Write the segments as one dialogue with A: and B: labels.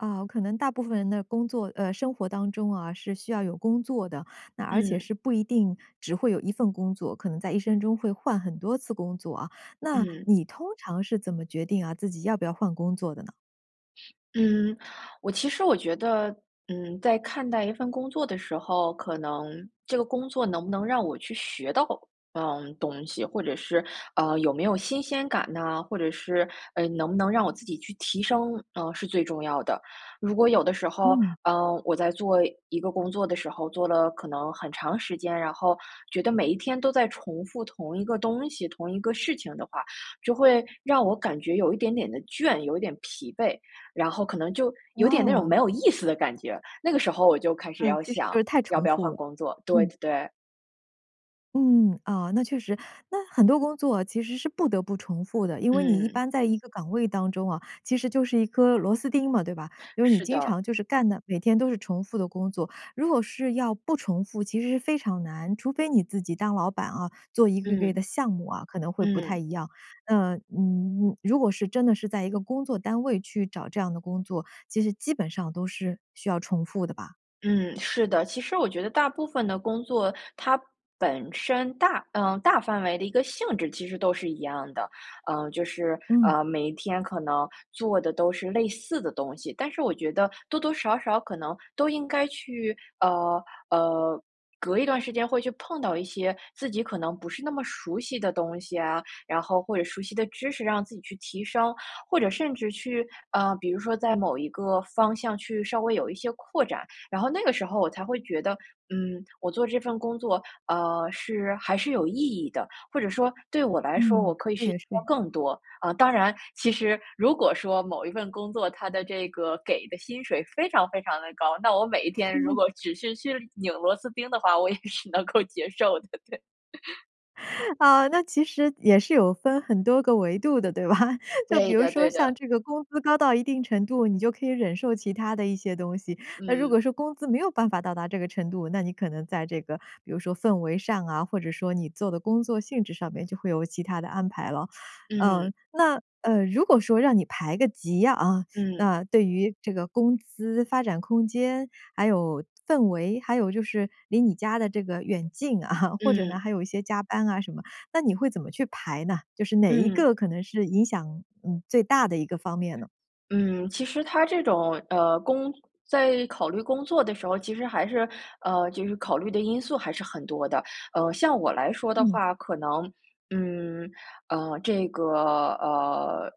A: 啊，可能大部分人的工作呃，生活当中啊，是需要有工作的，那而且
B: 嗯。
A: 是不一定只会有1份工作，可能在一生中会换很多次工作啊，那
B: 嗯。
A: 你通常是怎么决定啊，自己要不要换工作的呢？
B: 嗯，我其实我觉得，嗯，在看待一份工作的时候，可能这个工作能不能让我去学到，嗯，东西，或者是，呃，有没有新鲜感呐，或者是，呃，能不能让我自己去提升，呃，是最重要的。如果有的时候，
A: 嗯。
B: 呃，我在做一个工作的时候，做了可能很长时间，然后觉得每一天都在重复同一个东西，同一个事情的话，就会让我感觉有一点点的倦，有一点疲惫。然后可能就有点那种
A: 哦。
B: 没有意思的感觉，那个时候我就开始
A: 嗯，
B: 要
A: 其实
B: 想
A: 就是太
B: 要
A: 重
B: 不要
A: 复
B: 换
A: 了，
B: 工作，对
A: 嗯。
B: 对对。
A: 嗯，啊，那确实。那很多工作其实是不得不重复的，因为你一
B: 嗯。
A: 般在一个岗位当中哦，其实就是一颗螺丝钉嘛，对吧？因为你
B: 是
A: 经
B: 的。
A: 常就是干的，每天都是重复的工作，如果是要不重复，其实是非常难，除非你自己当老板哦，做一个个
B: 嗯。
A: 的项目啊，可能会不太
B: 嗯。
A: 一样。呃，嗯，如果是真的是在一个工作单位去找这样的工作，其实基本上都是需要重复的吧？
B: 嗯，是的，其实我觉得大部分的工作，它本身大呃，大范围的一个性质其实都是一样的。呃，就是，
A: 嗯。
B: 呃，每一天可能做的都是类似的东西，但是我觉得多多少少可能都应该去呃，呃，隔一段时间会去碰到一些自己可能不是那么熟悉的东西啊，然后或者熟悉的知识，让自己去提升。或者甚至去呃，比如说在某一个方向去稍微有一些扩展，然后那个时候我才会觉得，嗯，我做这份工作，呃，是还是有意义的，或者说对我来说我
A: 嗯，
B: 可以
A: 这
B: 学习
A: 也
B: 到
A: 是。
B: 更多。啊，当然其实如果说某一份工作，它的这个给的薪水非常非常地高，那我每一天如果 只是去拧螺丝钉的话，我也是能够接受的，对。
A: 呃，那其实也是有分很多个维度的对吧？就比
B: 对
A: 如
B: 的
A: 说
B: 对
A: 像
B: 的。
A: 这个工资高到一定程度，你就可以忍受其他的一些东西，那如
B: 嗯。
A: 果说工资没有办法到达这个程度，那你可能在这个，比如说氛围上啊，或者说你做的工作性质上面就会有其他的安排了。
B: 嗯。
A: 嗯，那，呃，如果说让你排个级啊，
B: 嗯。
A: 那对于这个工资发展空间，还有氛围，还有就是离你家的这个远近啊，或者呢，
B: 嗯。
A: 还有一些加班啊什么，那你会怎么去排呢？就是哪一
B: 嗯。
A: 个可能是影响，嗯，最大的一个方面呢？
B: 嗯，其实它这种，呃，工在考虑工作的时候，其实还是，呃，就是考虑的因素还是很多的。呃，像我来说的
A: 嗯。
B: 话，可能，嗯，呃，这个，呃，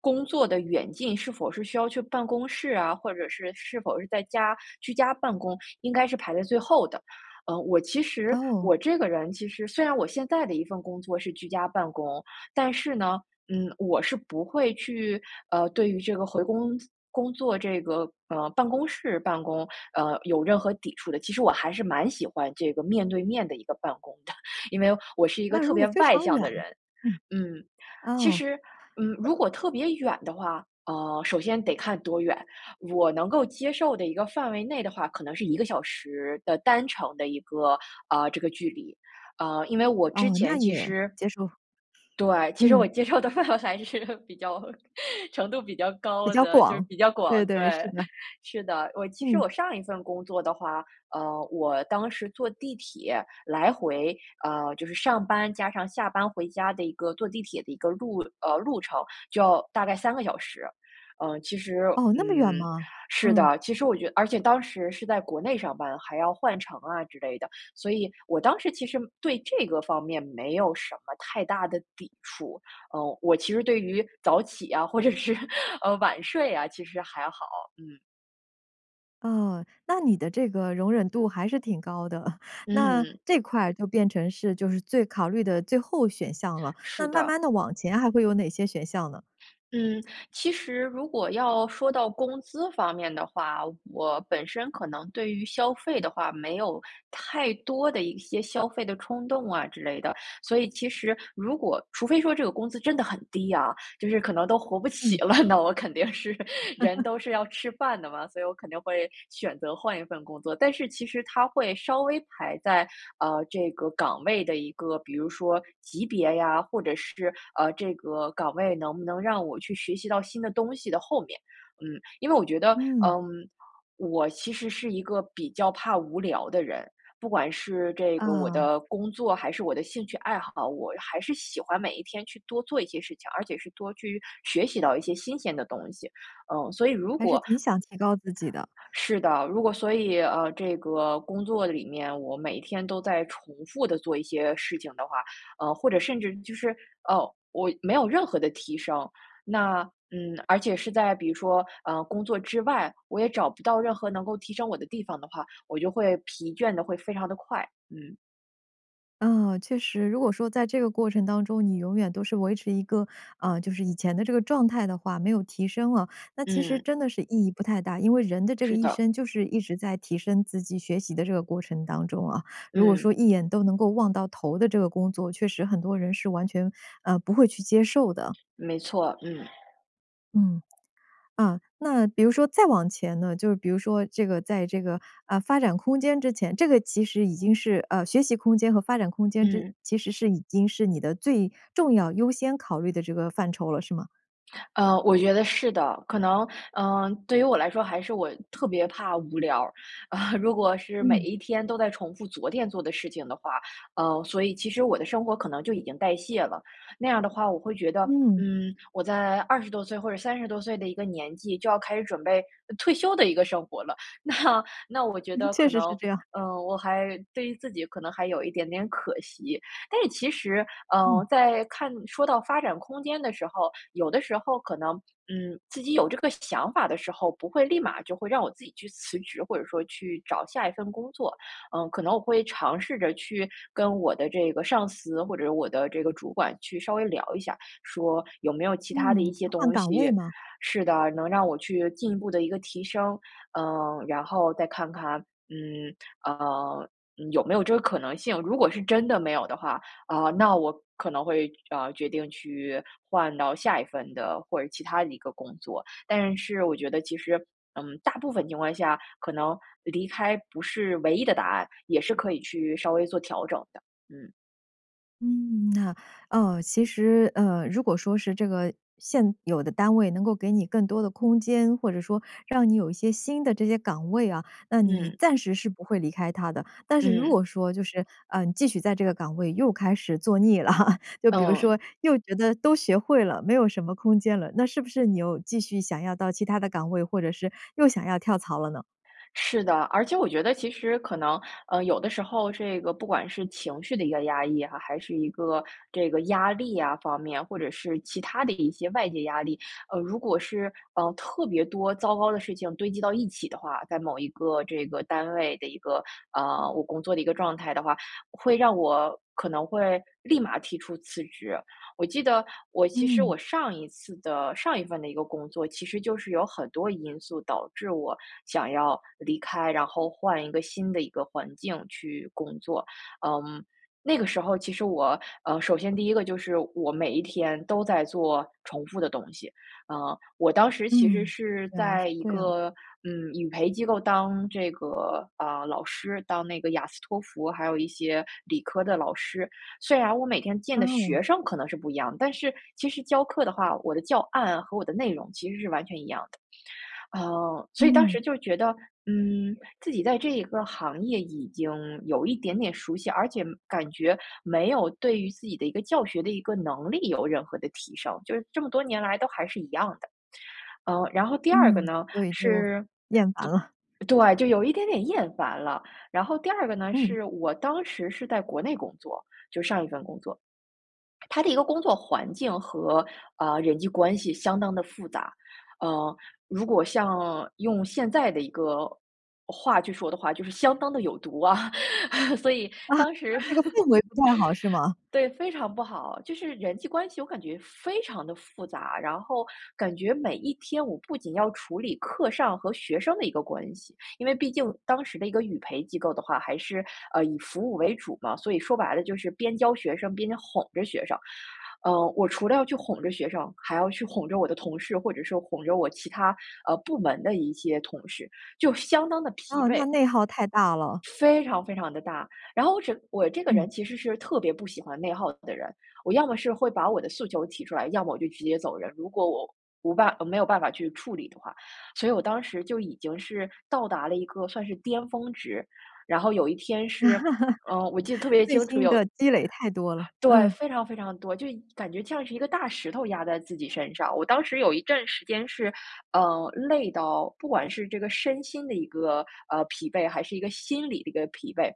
B: 工作的远近，是否是需要去办公室啊，或者是，是否是在家居家办公，应该是排在最后的。呃，我其实我
A: 哦。
B: 这个人其实，虽然我现在的一份工作是居家办公，但是呢，嗯，我是不会去，呃，对于这个回公司工作这个，呃，办公室办公，呃，有任何抵触的。其实我还是蛮喜欢这个面对面的一个办公的，因为我是一个
A: 那
B: 特
A: 如果
B: 别
A: 非
B: 外
A: 常
B: 向
A: 远
B: 的人。
A: 嗯。
B: 嗯，其
A: 哦。
B: 实，嗯，如果特别远的话，呃，首先得看多远，我能够接受的一个范围内的话，可能是1个小时的单程的一个，啊，这个距离。啊，因为我之
A: 哦，
B: 前
A: 那
B: 其
A: 也
B: 实
A: 接受。
B: 对，其实我
A: 嗯。
B: 接受的范围还是比较程度比较
A: 比
B: 高
A: 较
B: 的，就是
A: 广，
B: 比较广，
A: 对对，是
B: 对，
A: 的。
B: 是的。我其实
A: 嗯。
B: 我上一份工作的话，呃，我当时坐地铁来回，呃，就是上班，加上下班回家的一个坐地铁的一个路呃，路程，就要大概3个小时。呃，其实
A: 哦，那么远
B: 嗯，
A: 吗？
B: 是
A: 嗯。
B: 的，其实我觉而且当时是在国内上班，还要换乘啊之类的，所以我当时其实对这个方面没有什么太大的抵触，呃，我其实对于早起啊，或者是，呃，晚睡啊，其实还好，嗯。
A: 哦，那你的这个容忍度还是挺高的。那
B: 嗯。
A: 这块就变成是，就是最考虑的最后选项了，那
B: 是
A: 慢
B: 的。
A: 慢地往前还会有哪些选项呢？
B: 嗯，其实如果要说到工资方面的话，我本身可能对于消费的话，没有太多的一些消费的冲动啊之类的，所以其实如果除非说这个工资真的很低啊，就是可能都活不起
A: 嗯。
B: 了，那我肯定是人 都是要吃饭的嘛，所以我肯定会选择换一份工作。但是其实它会稍微排在，呃，这个岗位的一个，比如说级别呀，或者是，呃，这个岗位能不能让我去学习到新的东西的后面。嗯，因为我觉得，
A: 嗯。
B: 嗯，我其实是一个比较怕无聊的人，不管是这个我
A: 啊。
B: 的工作还是我的兴趣爱好，我还是喜欢每一天去多做一些事情，而且是多去学习到一些新鲜的东西。嗯，所以如
A: 还是
B: 果
A: 挺想提高自己的。
B: 是的，如果所以，呃，这个工作里面，我每天都在重复地做一些事情的话，呃，或者甚至就是，哦，我没有任何的提升。那，嗯，而且是在比如说，呃，工作之外，我也找不到任何能够提升我的地方的话，我就会疲倦得会非常地快，嗯。
A: 嗯，确实，如果说在这个过程当中，你永远都是维持一个，呃，就是以前的这个状态的话，没有提升了，那其实
B: 嗯。
A: 真的是意义不太大。因为人的这个
B: 是
A: 一
B: 的。
A: 生，就是一直在提升自己学习的这个过程当中啊，如果
B: 嗯。
A: 说一眼都能够望到头的这个工作，确实很多人是完全，呃，不会去接受的。
B: 没错，嗯。
A: 嗯，啊，那比如说再往前呢？就比如说这个在这个，呃，发展空间之前，这个其实已经是，呃，学习空间和发展空间之
B: 嗯。
A: 其实是已经是你的最重要优先考虑的这个范畴了，是吗？
B: 呃，我觉得是的，可能，嗯，对于我来说还是我特别怕无聊儿。啊，如果是每
A: 嗯。
B: 一天都在重复昨天做的事情的话，呃，所以其实我的生活可能就已经代谢了，那样的话我会觉得，
A: 嗯。
B: 嗯，我在20多岁或者30多岁的一个年纪就要开始准备，呃，退休的一个生活了，那那我觉
A: 嗯，
B: 得
A: 确
B: 可
A: 实是
B: 能，
A: 这样。
B: 嗯，我还对于自己可能还有一点点可惜。但是其实，呃，
A: 嗯。
B: 在看说到发展空间的时候，有的时候可能，嗯，自己有这个想法的时候，不会立马就会让我自己去辞职，或者说去找下一份工作。嗯，可能我会尝试着，去跟我的这个上司或者我的这个主管去稍微聊一下，说有没有其它的
A: 嗯，
B: 一
A: 去
B: 些
A: 换
B: 东
A: 岗位
B: 西
A: 吗？
B: 是的，能让我去进一步地一个提升。呃，然后再看看，嗯，呃，有没有这个可能性，如果是真的没有的话，呃，那我可能会，呃，决定去换到下一份的或者其它的一个工作。但是我觉得其实，嗯，大部分情况下，可能离开不是唯一的答案，也是可以去稍微做调整的，嗯。
A: 嗯，那，呃，其实，呃，如果说是这个，现有的单位能够给你更多的空间，或者说让你有一些新的这些岗位啊，那你
B: 嗯。
A: 暂时是不会离开它的。但是如
B: 嗯。
A: 果说就是，呃，你继续在这个岗位又开始做腻了，就比如
B: 嗯。
A: 说，又觉得都学会了，没有什么空间了，那是不是你又继续想要到其他的岗位，或者是又想要跳槽了呢？
B: 是的，而且我觉得其实可能，呃，有的时候这个不管是情绪的一个压抑啊，还是一个这个压力呀方面，或者是其它的一些外界压力。呃，如果是，呃，特别多糟糕的事情堆积到一起的话，在某一个这个单位的一个，呃，我工作的一个状态的话，会让我可能会立马提出辞职。我记得我其实
A: 嗯。
B: 我上一次的上一份的一个工作，其实就是有很多因素导致我想要离开，然后换一个新的一个环境去工作。嗯，那个时候其实我，呃，首先第一个就是我每一天都在做重复的东西，呃，我当时其实
A: 嗯，
B: 是
A: 原来是
B: 在一
A: 这样。
B: 个，嗯，语培机构当这个，啊，老师，当那个雅斯托福，还有一些理科的老师。虽然我每天见
A: 啊
B: 的
A: 哦。
B: 学生可能是不一样，但是其实教课的话，我的教案和我的内容其实是完全一样的。呃，所以当
A: 嗯。
B: 时就觉得，嗯，自己在这一个行业已经有一点点熟悉，而且感觉没有对于自己的一个教学的一个能力有任何的提升，就是这么多年来都还是一样的。呃，然后第二个
A: 嗯，
B: 呢，
A: 所以就
B: 是
A: 厌烦
B: 对
A: 了。
B: 对，就有一点点厌烦了。然后第二个呢，
A: 嗯。
B: 是我当时是在国内工作-就上一份工作。它的一个工作环境和，啊，人际关系相当地复杂，呃，如果像用现在的一个话去说的话，就是相当地有毒啊，所以，
A: 啊，
B: 当时
A: 这个氛围不太好是 吗？
B: 对，非常不好。就是人际关系我感觉非常地复杂，然后感觉每一天我不仅要处理课上和学生的一个关系-因为毕竟当时的一个语培机构的话，还是，呃，以服务为主嘛，所以说白了就是边教学生边哄着学生。呃，我除了要去哄着学生，还要去哄着我的同事，或者说哄着我其他，呃，部门的一些同事，就相当地疲
A: 哦，
B: 惫。
A: 那内耗太大了。
B: 非常非常地大。然后我整我这个
A: 嗯。
B: 人其实是特别不喜欢内耗的人，我要么是会把我的诉求提出来，要么我就直接走人，如果我无办呃，没有办法去处理的话。所以我当时就已经是到达了一个算是巅峰值，然后有一天是，呃，我记得特 别
A: 内
B: 清楚，
A: 心
B: 有
A: 的积累太多了，
B: 对，
A: 嗯。
B: 非常非常多，就一感觉像是一个大石头压在自己身上。我当时有一阵时间是，呃，累到不管是这个身心的一个，呃，疲惫，还是一个心理的一个疲惫，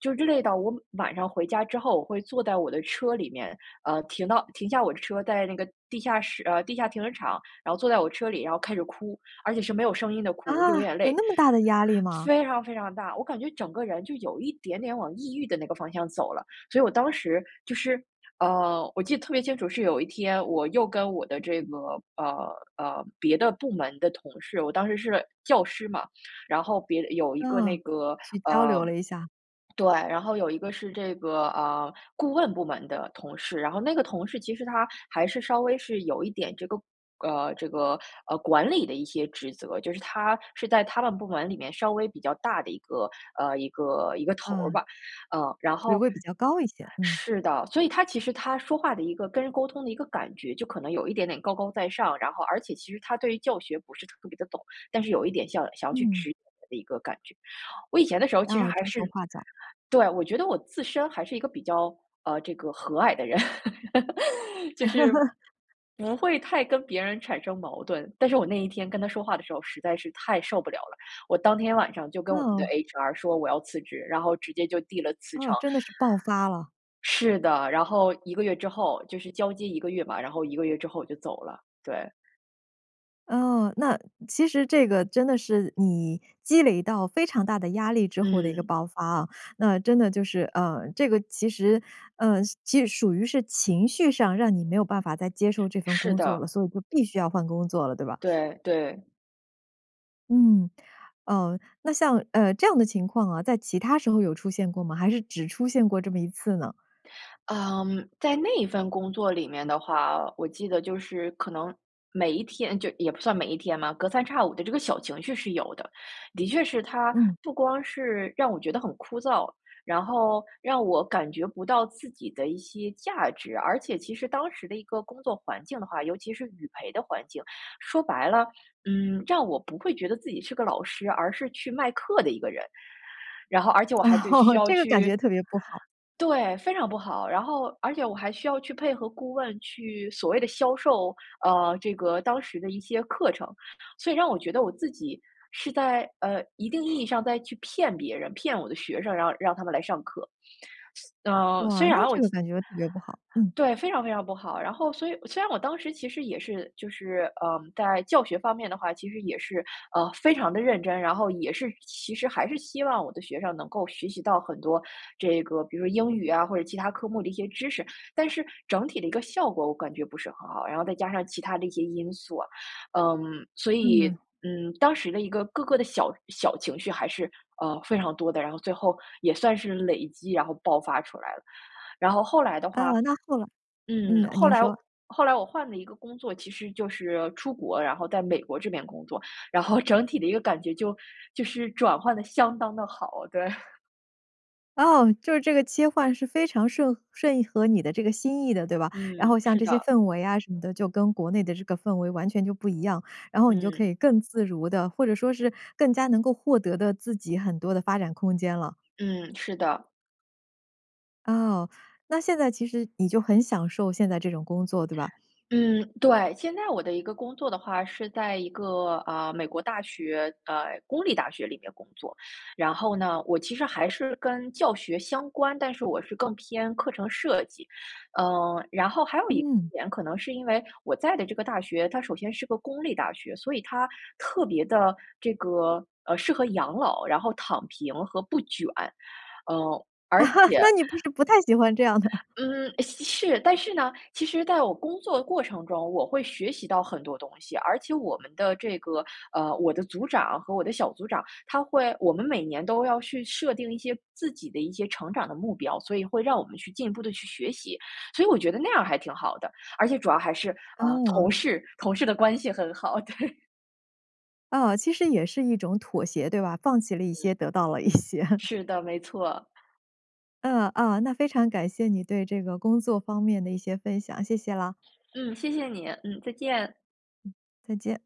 B: 就是累到我晚上回家之后，我会坐在我的车里面，呃，停到停下我的车，在那个地下室呃，地下停车场，然后坐在我车里，然后开始哭，而且是没有声音的
A: 啊，
B: 哭，流眼
A: 有
B: 泪。
A: 那么大的压力吗？
B: 非常非常大，我感觉整个人，就有一点点往抑郁的那个方向走了。所以我当时就是，呃，我记得特别清楚，是有一天我又跟我的这个，呃，呃，别的部门的同事，我当时是教师嘛，然后别的有一个那
A: 哦，
B: 个
A: 去交
B: 呃，
A: 流了一下。
B: 对，然后有一个是这个，呃，顾问部门的同事。然后那个同事其实他，还是稍微是有一点这个呃，这个，呃，管理的一些职责，就是他是在他们部门里面，稍微比较大的一个，呃，一个一个头儿
A: 嗯。
B: 吧，嗯。然
A: 职
B: 后
A: 位比较高一些，嗯。
B: 是的，所以他其实他说话的一个跟人沟通的一个感觉，就可能有一点点高高在上，然后而且其实他对于教学，不是特别地懂，但是有一点像想要去
A: 嗯。
B: 指引的一个感觉。我以前的时候其实
A: 哦，
B: 还
A: 指手
B: 是
A: 画脚。
B: 对，我觉得我自身还是一个比较，呃，这个和蔼的人，就是，不会太跟别人产生矛盾，但是我那一天跟他说话的时候，实在是太受不了了，我当天晚上就跟我们的
A: 哦。
B: HR 说我要辞职，然后直接就递了辞
A: 哦，
B: 呈。
A: 真的是爆发了。
B: 是的，然后1个月之后，就是交接1个月吧，然后1个月之后我就走了，对。
A: 哦，那其实这个真的是，你积累到非常大的压力之后的一个
B: 嗯。
A: 爆发啊，那真的就是，呃，这个其实，呃，其实属于是情绪上，让你没有办法再接受这份
B: 是
A: 工作了，
B: 的。
A: 所以就必须要换工作了，对吧？
B: 对，对。
A: 嗯，呃，那像呃，这样的情况啊，在其他时候有出现过吗？还是只出现过这么一次呢？
B: 嗯，在那份工作里面的话，我记得就是可能每一天就也不算每一天嘛，隔三差五的这个小情绪是有的。的确是它
A: 嗯。
B: 不光是让我觉得很枯燥，然后让我感觉不到自己的一些价值。而且其实当时的一个工作环境的话，尤其是语培的环境，说白了，嗯，让我不会觉得自己是个老师，而是去卖课的一个人。然后而且我还得需 要
A: 这个感
B: 去
A: 觉特别不好。
B: 对，非常不好。然后而且我还需要去配合顾问去所谓的销售，呃，这个当时的一些课程。所以让我觉得我自己是在，呃，一定意义上在去骗别人，骗我的学生，然后让他们来上课。呃，虽
A: 哇，那
B: 然我
A: 这个
B: 其
A: 感觉特别不好，嗯。
B: 对，非常非常不好。然后所以虽然我当时其实也是就是，呃，在教学方面的话，其实也是，呃，非常地认真，然后也是其实还是希望我的学生，能够学习到很多这个比如说英语啊，或者其它科目的一些知识。但是整体的一个效果我感觉不是很好，然后再加上其他的一些因素啊，嗯，所以，
A: 嗯。
B: 嗯，当时的一个各个的小小情绪还是，呃，非常多的。然后最后也算是累积，然后爆发出来了。然后后来的
A: 啊，
B: 话，
A: 那后来嗯，
B: 嗯，
A: 呃，
B: 后
A: 您
B: 来
A: 说。
B: 后来我换了一个工作，其实就是出国，然后在美国这边工作，然后整体的一个感觉就就是转换得相当的好，对。
A: 哦，就是这个切换是非常顺顺合你的这个心意的对吧？然后
B: 嗯，
A: 像
B: 是
A: 这些
B: 的。
A: 氛围啊什么的，就跟国内的这个氛围完全就不一样，然后你就可
B: 嗯。
A: 以更自如地，或者说是更加能够获得的自己很多的发展空间了。
B: 嗯，是的。
A: 哦，那现在其实你就很享受现在这种工作，对吧？
B: 嗯，对，现在我的一个工作的话是在一个，啊，美国大学，呃，公立大学里面工作。然后呢，我其实还是跟教学相关，但是我是更偏课程设计，嗯，然后还有一
A: 嗯。
B: 点可能是因为我在的这个大学，它首先是个公立大学，所以它特别地，这个，呃，适合养老，然后躺平和不卷，呃，而 且
A: 那你不是不太喜欢这样的？
B: 嗯，吸是，但是呢，其实在我工作过程中，我会学习到很多东西。而且我们的这个，呃，我的组长和我的小组长，他会我们每年都要去设定一些自己的一些成长的目标，所以会让我们去进一步地去学习。所以我觉得那样儿还挺好的，而且主要还是，呃，
A: 哦。
B: 同事，同事的关系很好，对。
A: 啊，其实也是一种妥协，对吧？放弃了一
B: 嗯。
A: 些，得到了一些。
B: 是的，没错。
A: 嗯，嗯，那非常感谢你对这个工作方面的一些分享，谢谢啦。
B: 嗯，谢谢你，嗯，再见。
A: 再见。